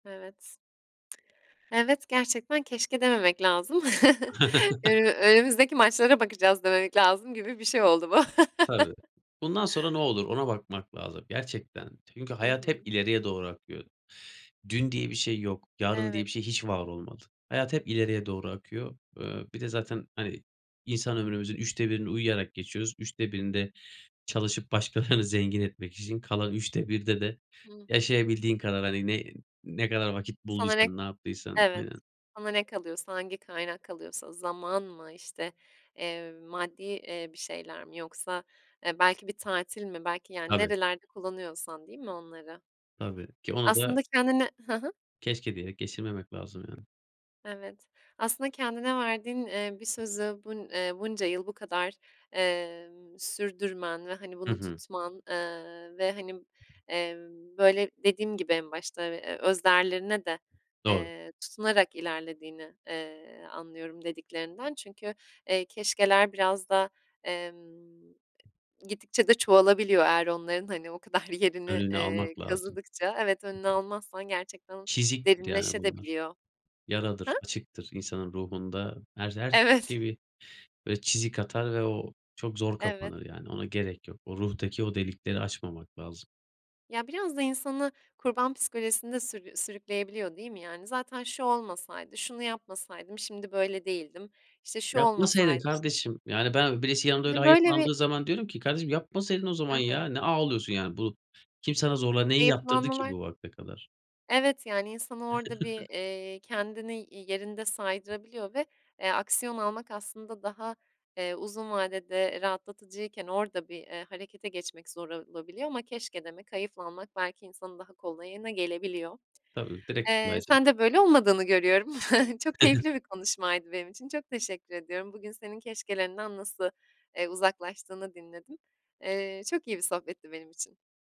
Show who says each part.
Speaker 1: Evet. Evet, gerçekten keşke dememek lazım. "Önü önümüzdeki maçlara bakacağız," dememek lazım gibi bir şey oldu bu.
Speaker 2: Tabii. Bundan sonra ne olur ona bakmak lazım gerçekten. Çünkü
Speaker 1: Hı
Speaker 2: hayat hep
Speaker 1: hı.
Speaker 2: ileriye doğru akıyor. Dün diye bir şey yok. Yarın diye
Speaker 1: Evet.
Speaker 2: bir şey hiç var olmadı. Hayat hep ileriye doğru akıyor. Iıı, bir de zaten, hani, insan ömrümüzün 3'te 1'ini uyuyarak geçiyoruz. 3'te 1'ini de çalışıp başkalarını zengin etmek için, kalan 3'te 1'de de
Speaker 1: Hı hı.
Speaker 2: yaşayabildiğin kadar, hani, ne ne kadar vakit bulduysan,
Speaker 1: [unintelligible]
Speaker 2: ne yaptıysan
Speaker 1: Evet,
Speaker 2: Aynen.
Speaker 1: sana ne kalıyorsa, hangi kaynak kalıyorsa zaman mı işte, eee, maddi, eee, bir şeyler mi yoksa, eee, belki bir tatil mi, belki yani
Speaker 2: Tabii.
Speaker 1: nerelerde kullanıyorsan değil mi onları?
Speaker 2: Tabii, ki onu da
Speaker 1: Aslında kendine Hı hı.
Speaker 2: keşke diyerek geçirmemek lazım yani.
Speaker 1: Evet, aslında kendine verdiğin, ııı, bir sözü bun eee, bunca yıl bu kadar, emm, sürdürmen ve hani,
Speaker 2: Hı
Speaker 1: bunu
Speaker 2: hı.
Speaker 1: tutman, ııı, ve hani, emm, böyle dediğim gibi en başta ve öz değerlerine de,
Speaker 2: Doğru.
Speaker 1: eee, tutunarak ilerlediğini, eee, anlıyorum dediklerinden çünkü, eee, keşkeler biraz da, emm, gittikçe de çoğalabiliyor eğer onların hani o kadar bir yerini,
Speaker 2: Önünü
Speaker 1: eee,
Speaker 2: almak lazım.
Speaker 1: kazıdıkça. Evet, önünü almazsan gerçekten
Speaker 2: Çiziktir yani bunlar.
Speaker 1: derinleşebiliyor da. Hı?
Speaker 2: Yaradır, açıktır insanın ruhunda her, her.
Speaker 1: Evet.
Speaker 2: [unintelligible] Böyle çizik atar ve o çok zor
Speaker 1: Evet.
Speaker 2: kapanır yani ona gerek yok. O ruhtaki o delikleri açmamak lazım.
Speaker 1: Ya, biraz da insanı kurban psikolojisinde sür sürükleyebiliyor değil mi yani? "Zaten şu olmasaydı, şunu yapmasaydım şimdi böyle değildim, işte, şu
Speaker 2: Yapmasaydın
Speaker 1: olmasaydı şu"
Speaker 2: kardeşim. Yani ben birisi yanında öyle
Speaker 1: Hani, böyle bir
Speaker 2: hayıflandığı zaman diyorum ki, "Kardeşim, yapmasaydın o zaman
Speaker 1: Hı
Speaker 2: ya,
Speaker 1: hı.
Speaker 2: ne ağlıyorsun yani, bu kim sana zorla neyi yaptırdı ki
Speaker 1: Hayıflanmalar.
Speaker 2: bu vakte kadar?"
Speaker 1: Evet, yani insanı orada bir, eee, kendini y yerinde saydırabiliyor ve, eee, aksiyon almak aslında daha, eee, uzun vadede rahatlatıcıyken orada bir, eee, harekete geçmek zor olabiliyor ama keşke demek, hayıflanmak belki insanın daha kolayına gelebiliyor.
Speaker 2: Tabii direkt.
Speaker 1: Eee,
Speaker 2: [unintelligible]
Speaker 1: sende böyle olmadığını görüyorum. Çok keyifli bir konuşmaydı benim için. Çok teşekkür ediyorum. Bugün senin keşkelerinden nasıl, eee, uzaklaştığını dinledim. Eee, çok iyi bir sohbetti benim için.